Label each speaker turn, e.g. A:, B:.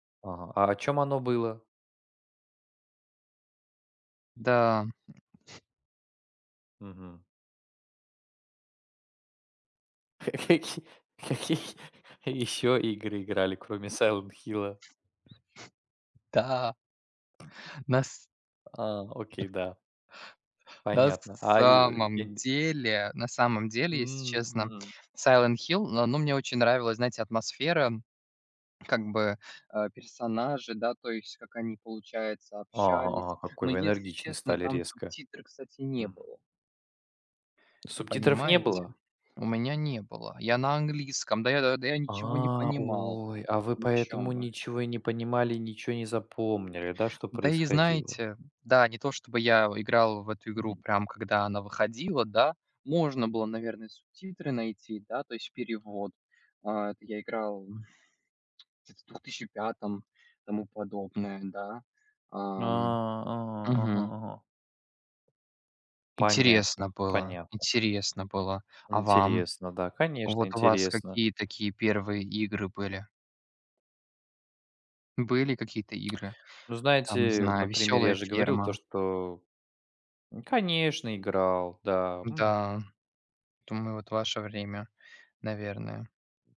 A: Ага, а о чём оно было?
B: Да.
A: Мгм. Каки какие еще игры играли кроме "Сайлент Хилла"?
B: Да. Нас
A: А, окей, да.
B: Нас
A: Понятно, а, и, я
B: самом
A: не
B: деле на самом деле, если честно,
A: Мгм.
B: "Сайлент Хилл", но оно мне очень нравилась, знаете, атмосфера, как бы, э, персонажи, да, то есть, как они, получается, общались,
A: А, какой
B: но,
A: вы
B: если
A: энергичный
B: честно,
A: стали
B: там
A: резко.
B: субтитры, кстати, не
A: Мгм.
B: было.
A: Субтитров не
B: Понимаете?
A: было?
B: У меня не было. Я на английском. Да я да я ничего не
A: А,
B: понимал,
A: ой, а вы
B: о
A: поэтому
B: чём вы?
A: ничего и не понимали и ничего не запомнили, да, что
B: Да, и
A: происходило?
B: знаете да, не то чтобы я, о, играл в эту игру
A: Мгм.
B: прям когда она выходила, да. Можно было, наверное, субтитры найти, да, то есть перевод, а я играл Где-то в 2005 году, тому подобное, да.
A: А,
B: Ам,
A: ага ага
B: мгм.
A: ага.
B: Интересно
A: Понятно,
B: было
A: понятно.
B: интересно было. А вам?
A: Интересно, да, конечно,
B: Вот у вас
A: интересно.
B: какие такие первые игры были? Были какие-то игры?
A: Ну,
B: Там, не
A: знаете,
B: знаю,
A: например, я
B: "Весёлая
A: же говорил то,
B: ферма".
A: что Н, конечно, играл, да.
B: М-да,
A: Мгм.
B: думаю, вот ваше время, наверное.